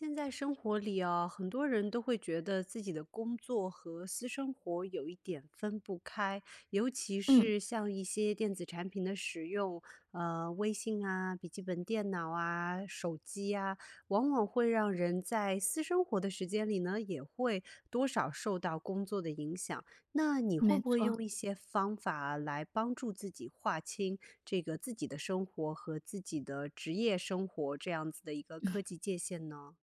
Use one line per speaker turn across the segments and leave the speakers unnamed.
现在生活里啊很多人都会觉得自己的工作和私生活有一点分不开，尤其
嗯。
是像一些电子产品的使用，呃，微信啊、笔记本电脑啊、手机呀往往会让人在私生活的时间里呢，也会多少受到工作的影响。那你会
没
不会
错。
用一些方法来帮助自己划清这个自己的生活和自己的职业生活这样子的一个科 技界限呢？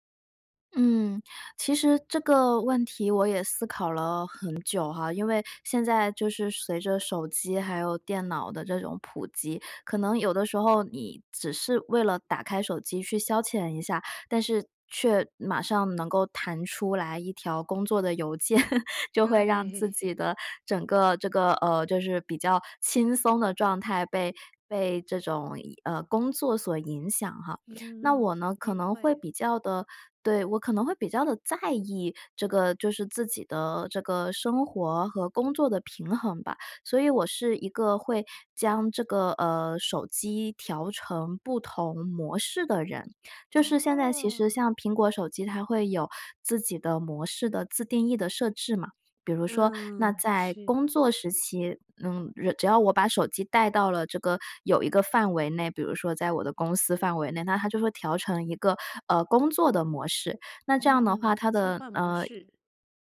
嗯，其实这个问题我也思考了很久哈。因为现在就是随着手机还有电脑的这种普及，可能有的时候你只是为了打开手机去消遣一下，但是却马上能够弹出来一条工作的邮件，就会让
对。
自 己的整个这个呃，就是比较轻松的状态被被这种影呃，工作所影响哈。那我
嗯，
呢
肯
可
定
能会
会。
比较地对，我可能会比较地在意这个就是自己的这个生活和工作的平衡吧，所以我是一个会将这个，呃，手机调成不同模式的人。就是现在其实
哦。
像苹果手机它会有自己的模式的自定义的设置嘛。比如说那
嗯，
在
是。
工作时期，嗯，只要我把手机带到了这个有一个范围内，比如说在我的公司范围内，那它就会调成一个，呃，工作的模式。那这样的话，
嗯，
它
切
的，
换模
呃
式。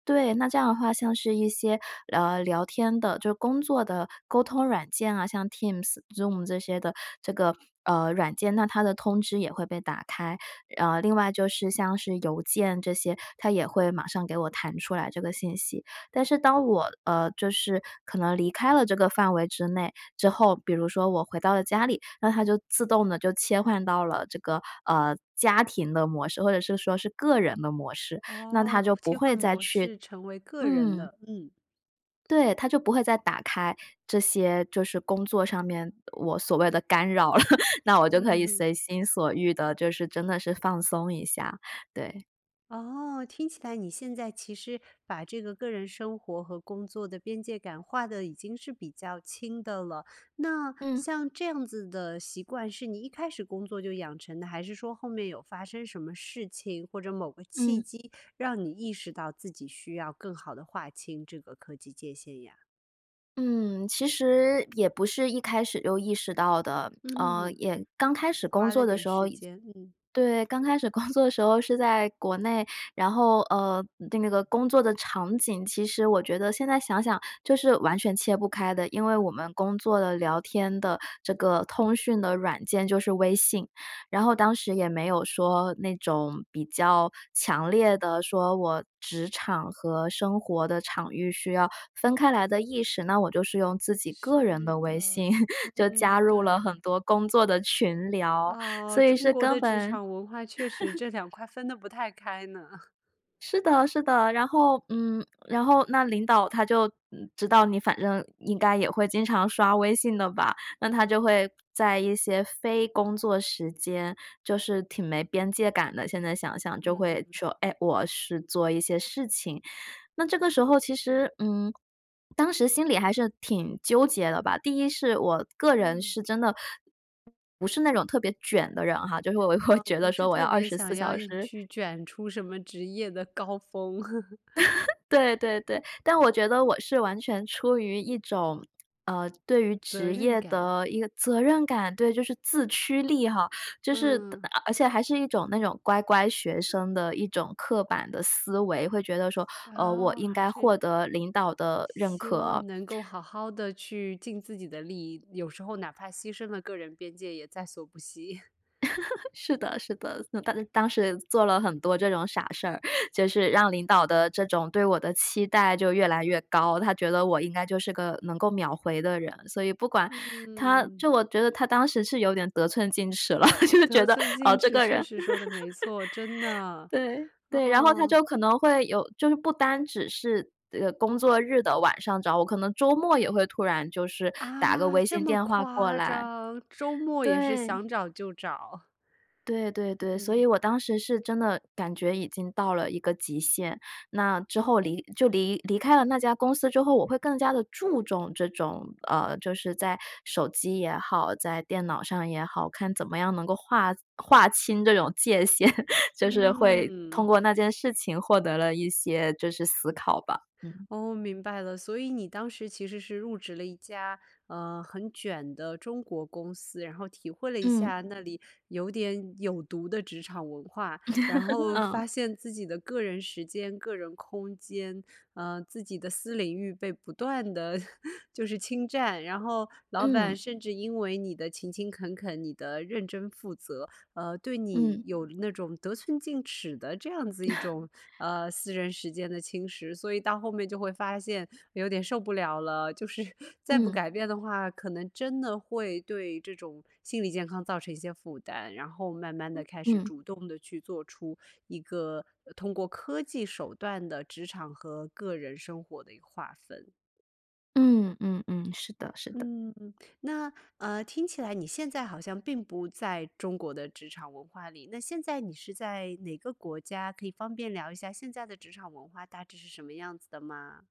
对，那这样的话，像是一些聊聊天的就是工作的沟通软件啊，像 Teams、Zoom 这些的这个，呃，软件，那它的通知也会被打开。呃，另外就是像是邮件这些它也会马上给我弹出来这个信息，但是当我呃，就是可能离开了这个范围之内之后，比如说我回到了家里，那它就自动地就切换到了这个呃，家庭的模式，或者是说是个人的模式，那
哦，
它就不
切换
会再
模
去
式成为个人
嗯。
的，嗯。
对，它就不会再打开这些就是工作上面我所谓的干扰了。那我就可
嗯
以
哼。
随心所欲地就是真的是放松一下，对。
哦，听起来你现在其实把这个个人生活和工作的边界感划得已经是比较清的了。那
嗯。
像这样子的习惯是你一开始工作就养成的，还是说后面有发生什么事情，或者某个契
嗯。
机，让你意识到自己需要更好地划清这个科技界限呀？
嗯，其实也不是一开始就意识到的。呃，
嗯，
也刚开始工
花
作
了
的
点
时候
时
也
间，嗯。
对，刚开始工作的时候是在国内，然后呃，那个工作的场景，其实我觉得现在想想就是完全切不开的，因为我们工作的聊天的这个通讯的软件就是微信，然后当时也没有说那种比较强烈地说我职场和生活的场域需要分开来的意识，那我就是用自己个人
对
的微信
的，
就加
嗯，
入了很
对。
多工作的群聊，所
哦，
以
中
是
国
根
的职
本
场文化确实 这两块分得不太开呢。
是的，是的，然后嗯，然后那领导他就知道，嗯，你反正应该也会经常刷微信的吧，那他就会在一些非工作时间，就是挺没边界感的，现在想想就
嗯
会
哼。
说：“哎，我是做一些事情。”那这个时候其
嗯。
实，嗯，当时心里还是挺纠结的吧。第一是我个人
嗯。
是真的不是那种特别卷的人哈，就是我会
啊，
觉得
不
说
是
我要
特
二
别
十四
想要
小
硬
时
去卷出什么职业的高峰。
对对对，但我觉得我是完全出于一种呃，对于
责
职
任
业
感。
的一个责任感。对，就是自驱力哈，就是
嗯。
而而且还是一种那种乖乖学生的一种刻板的思维，会觉得说，呃，我
哦，
应
还
该
是。
获得领导的认
希
可。
望能够好好地去尽自己的力，有时候哪怕牺牲了个人边界也在所不惜。
是的，是的。当当时也做了很多这种傻事儿。就是让领导的这种对我的期待就越来越高，他觉得我应该就是个能够秒回的人。所以不管他
嗯。
就我觉得他当时是有点得寸进尺了，就觉
得
得，
寸
哦，
进
这
尺
个
确
人。
实说得没错，真的。
对，对，然后他
哦。
就可能会有就是不单只是，呃，工作日的晚上找我，可能周末也会突然就是打个
啊？
微
这
信
么
电话过
夸
来。
张。周末也是
对。
想找就找。
对对对，所以
嗯。
我当时是真的感觉已经到了一个极限。那之后离就离离开了那家公司之后，我会更加地注重这种，呃，就是在手机也好，在电脑上也好，看怎么样能够划划清这种界限，就是会通
嗯。
过那件事情获得了一些就是思考吧。嗯。
哦，明白了，所以你当时其实是入职了一家，呃，很卷的中国公司，然后体会了一
嗯。
下那里有点有毒的职场文化。然 后
嗯。
发现自己的个人时间、个人空间，呃，自己的私领域被不断地 就是侵占，然后老
嗯。
板甚至因为你的勤勤恳恳，你的认真负责，呃，对你
嗯。
有了那种得寸进尺的这样子一种呃，私人时间的侵蚀，所以到后面就会发现，有点受不了了，就是再不
嗯。
改变的话，可能真的会对这种心理健康造成一些负担，然后慢慢地
嗯，
开始
嗯。
主动地去做出一个通过科技手段的职场和个人生活的一个划分。
嗯嗯嗯，是的，是的。
嗯，那，呃，听起来你现在好像并不在中国的职场文化里，那现在你是在哪个国家？可以方便聊一下现在的职场文化大致是什么样子的吗？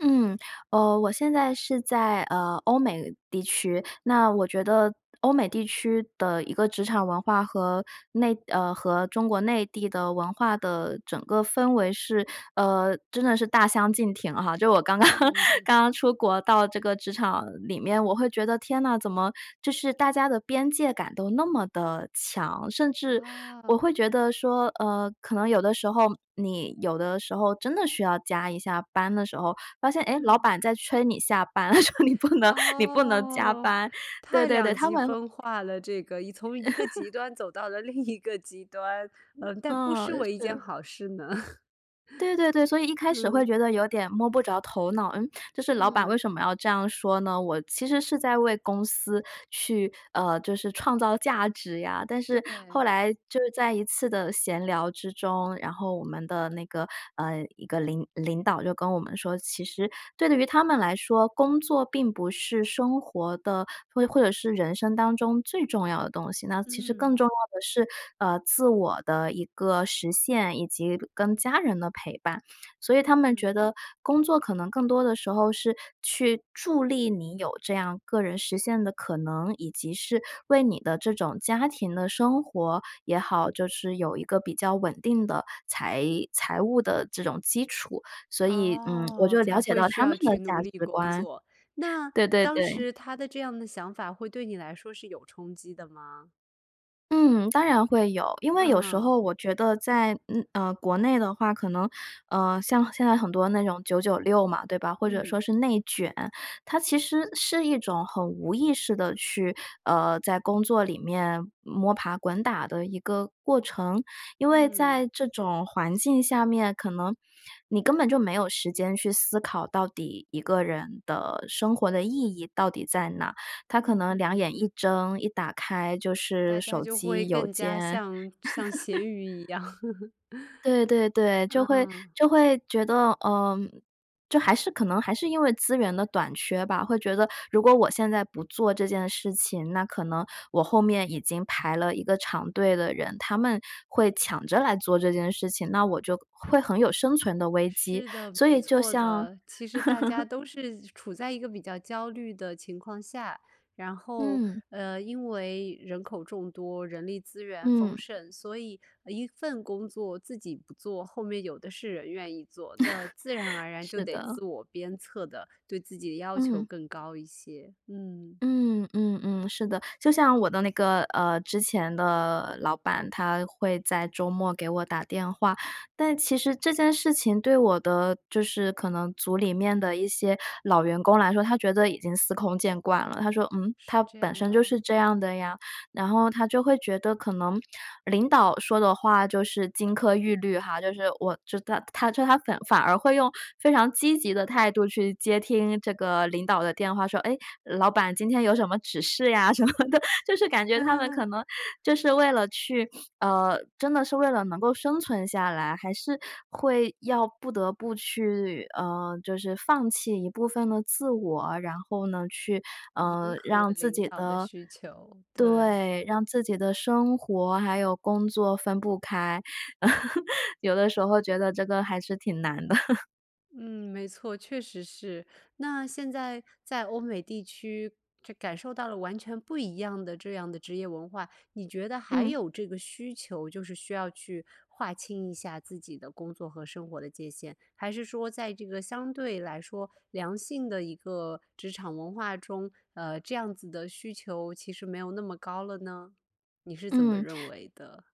嗯，呃，我现在是在呃，欧美地区，那我觉得欧美地区的一个职场文化，和内呃，和中国内地的文化的整个氛围是，呃，真的是大相径庭哈，就我刚刚
嗯。
刚刚出国，到这个职场里面我会觉得，天哪，怎么就是大家的边界感都那么地强，甚至我
啊。
会觉得说呃，可能有的时候你有的时候真的需要加一下班的时候，发现哎老
嗯。
板在催你下班，说：“你不能你不能加
哦，
班。”对
太
对对，
两
他
极
们
分化了这个，一从一个极 端走到了另一个极端，嗯，但不
哦，
失为一件
是。
好事呢。
对对对，所以一开始会
嗯。
觉得有点摸不着头脑，嗯？就是老板为
嗯。
什么要这样说呢？我其实是在为公司去呃，就是创造价值呀，但是后
对。
来就在一次的闲聊之中，然后我们的那个呃，一个领领导就跟我们说，其实对于他们来说，工作并不是生活的或或者是人生当中最重要的东西，那其实更重
嗯。
要的是呃，自我的一个实现以及跟家人的陪伴。所以他们觉
嗯。
得工作可能更多的时候是去助力你有这样个人实现的可能，以及是为你的这种家庭的生活也好，就是有一个比较稳定的财财务的这种基础。所以嗯，我
哦，
就了
才
解
会
到
需
他们
要
的
去
价
努力
值
工
观。
作。那
对对
当
对。
时他的这样的想法会对你来说是有冲击的吗？
嗯，当然会有。因为有时
嗯。
候我觉得在嗯，呃，国内的话，可能，呃，像现在很多那种九九六嘛，对吧，或者说
嗯。
是内卷，它其实是一种很无意识地去呃，在工作里面摸爬滚打的一个过程。因为在
嗯。
这种环境下面，可能，你根本就没有时间去思考到底一个人的生活的意义到底在哪？他可
嗯
能
嗯
两眼
嗯。
一睁、一打开就是
大家
手
就会
机邮
更加
件。
像像咸 鱼一样。
对对 对，就会
嗯。
就会觉得，呃，就还是可能还是因为资源的短缺吧，会觉得如果我现在不做这件事情，那可能我后面已经排了一个长队的人，他们会抢着来做这件事情，那我就会很有生存的危机。
是的，
所
没
以就
错
像
的。其实大家 都是处在一个比较焦虑的情况下，然后
嗯。
呃，因为人口众多，人力资源
嗯。
丰盛，所以一份工作自己不做，后面有的是人愿意做。那自然而 然就
是
得
的。
自我鞭策的，对自己的要求
嗯。
更高一些，嗯。
嗯嗯嗯，是的。就像我的那个，呃，之前的老板，他会在周末给我打电话，但其实这件事情对我的就是可能组里面的一些老员工来说，他觉得已经司空见惯了，他说：“嗯？
是
他
这
本
样
身就
的。
是这样的呀。”然后他就会觉得可能，领导说的话就是金科玉律哈，就是我知道他就他反反而会用非常积极的态度去接听这个领导的电话，说：“诶，老板今天有什么指示呀？”什么的。就是感觉他们可 能，就是为了去呃，真的是为了能够生存下来，还是会要不得不去呃，就是放弃一部分的自我，然后呢去
迎
呃，
合
让自
领
己
导的
的
需求，对。
对，让自己的生活还有工作分不开。有的时候觉得这个还是挺难的。
嗯，没错，确实是。那现在在欧美地区这感受到了完全不一样的这样的职业文化，你觉得还
嗯。
有这个需求，就是需要去划清一下自己的工作和生活的界限？还是说在这个相对来说良性的一个职场文化中，呃，这样子的需求其实没有那么高了呢？你是怎么
嗯。
认为的？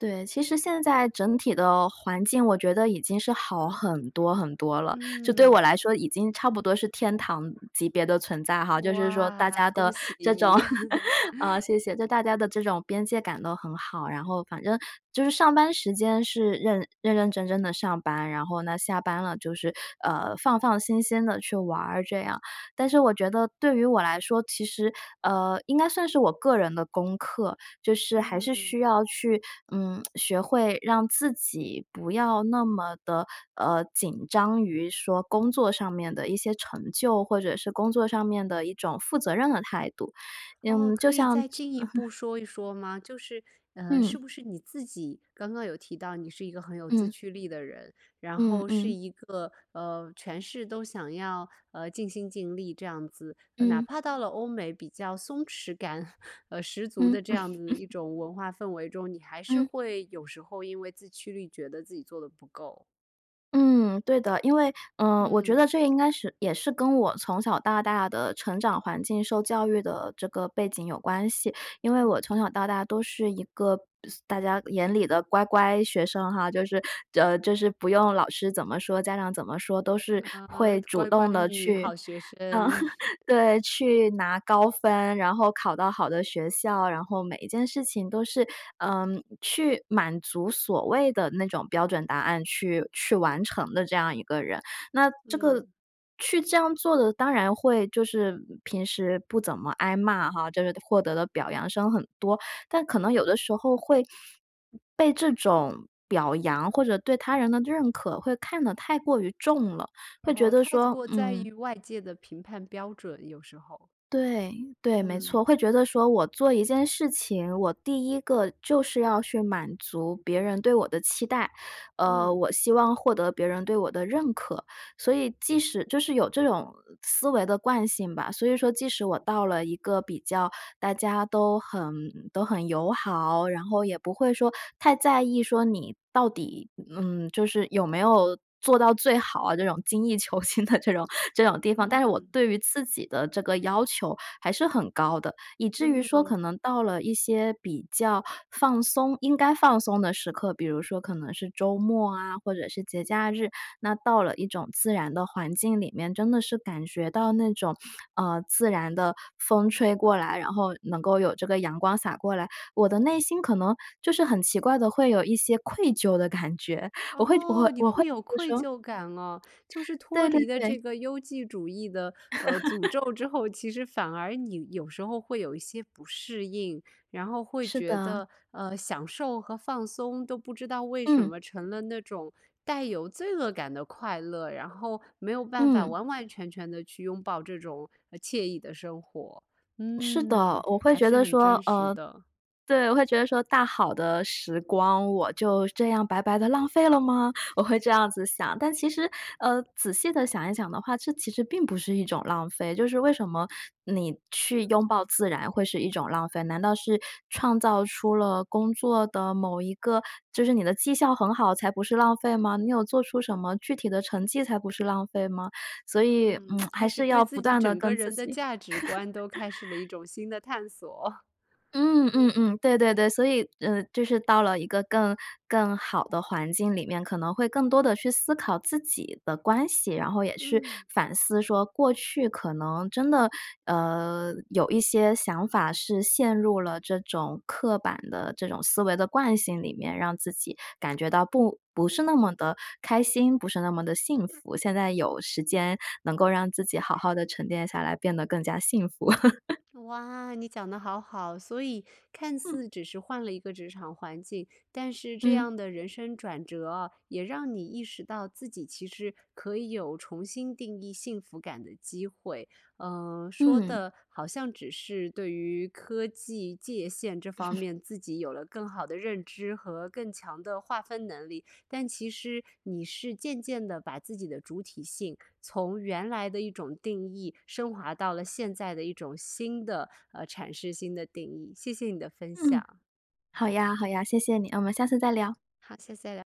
对，其实现在整体的环境我觉得已经是好很多很多了。这对我
嗯。
来说已经差不多是天堂级别的存在哈，就是说大
哇，
家
恭
的
喜
这
你。
种 啊，谢谢！这大家的这种边界感都很好，然后反正就是上班时间是认认认真真地上班，然后呢下班了就是，呃，放放心心地去玩儿这样。但是我觉得对于我来说，其实呃，应该算是我个人的功课，就是还是需
嗯。
要去，嗯，学会让自己不要那么地，呃，紧张于说工作上面的一些成就，或者是工作上面的一种负责任的态度。
哦，
嗯，就
可以
像
再进一步 说一说吗？就是呃，
嗯。
是不是你自己刚刚有提到你是一个很有自
嗯。
驱力的人，然
嗯，
后是
嗯。
一个呃，全是都想要呃，尽心尽力这样子，哪
嗯。
怕到了欧美比较松弛感 呃，十足
嗯。
的这样子一 种文化氛围中，你还是
嗯。
会有时候因为自驱力觉得自己做得不够？
嗯，对的。因为呃，我觉得
嗯。
这应该是也是跟我从小到大的成长环境，受教育的这个背景有关系。因为我
嗯。
从小到大都是一个大家眼里的乖乖学生哈，就是呃，就是不用老师怎么说，家长怎么说，都是
哦，
会主
乖乖
动地
女，
去
好学
嗯，
生。
对，去拿高分，然后考到好的学校啊，然后每一件事情都是，嗯，去满足所谓的那种标准答案，去去完成的这样一个人。那这个
嗯。
去这样做的，当然会就是平时不怎么挨骂哈，就是获得的表扬声很多，但可能有的时候会，被这种表扬或者对他人的认可，会看得太过于重了，会觉
哦，
得
太
说，
过在
嗯
于外界的评判标准，有时候。
对对，没
嗯。
错。会觉得说我做一件事情，我第一个就是要去满足别人对我的期待，呃，
嗯。
我希望获得别人对我的认可。所以即使就是有这种思维的惯性吧，所以说即使我到了一个比较，大家都很都很友好，然后也不会说太在意说你到底，嗯，就是有没有做到最好啊，这种精益求精的这种这种地方，但是我
嗯。
对于自己的这个要求还是很高的，以至于说可
嗯。
能到了一些比较放松，应该放松的时刻，比如说可能是周末啊，或者是节假日，那到了一种自然的环境里面，真的是感觉到那种，呃，自然的风吹过来，然后能够有这个阳光洒过来，我的内心可能就是很奇怪地会有一些愧疚的感觉。我会我我会
哦，你
我会
会有愧
说
疚感哦。就是
对
脱
对
离了
对。
这个优绩主义的，呃，诅 咒之后，其实反而你有时候会有一些不适应，然后会
是
觉
的。
得，呃，享受和放松都不知道为什
嗯。
么成了那种带有罪恶感的快乐，然后没有办法
嗯。
完完全全地去拥抱这种呃，惬意的生活。
是
嗯，
的，我会
还
觉
是
得
很
说，
真实
呃，
的。
对，我会觉得说大好的时光，我就这样白白地浪费了吗？我会这样子想。但其实，呃，仔细地想一想的话，这其实并不是一种浪费，就是为什么你去拥抱自然会是一种浪费，难道是创造出了工作的某一个就是你的绩效很好，才不是浪费吗？你有做出什么具体的成绩才不是浪费吗？所以，嗯，
嗯，
还
开始
是要
对
不
自己
断地
整个
跟自
人的
己
价值观都开始了一 种新的探索。
嗯嗯嗯，对对对。所以呃，就是到了一个更更好的环境里面，可能会更多地去思考自己的关系，然后也去
嗯。
反思说，过去可能真的，呃，有一些想法是陷入了这种刻板的这种思维的惯性里面，让自己感觉到不不是那么地开心，不是那么地幸福，现在有时间能够让自己好好地沉淀下来，变得更加幸福。
哇，你讲得好好。所以看
嗯。
似只是换了一个职场环境，但是这
嗯。
样的人生转折哦，也让你意识到自己其实可以有重新定义幸福感的机会。嗯，说
嗯。
的好像只是对于科技、界限这方 面自己有了更好的认知和更强的划分能力，但其实你是渐渐地把自己的主体性，从原来的一种定义升华到了现在的一种新的，呃阐释新的定义，谢谢你的分
嗯。
享。
好呀好呀，谢谢你！那我们下次再聊。
好，下次再聊。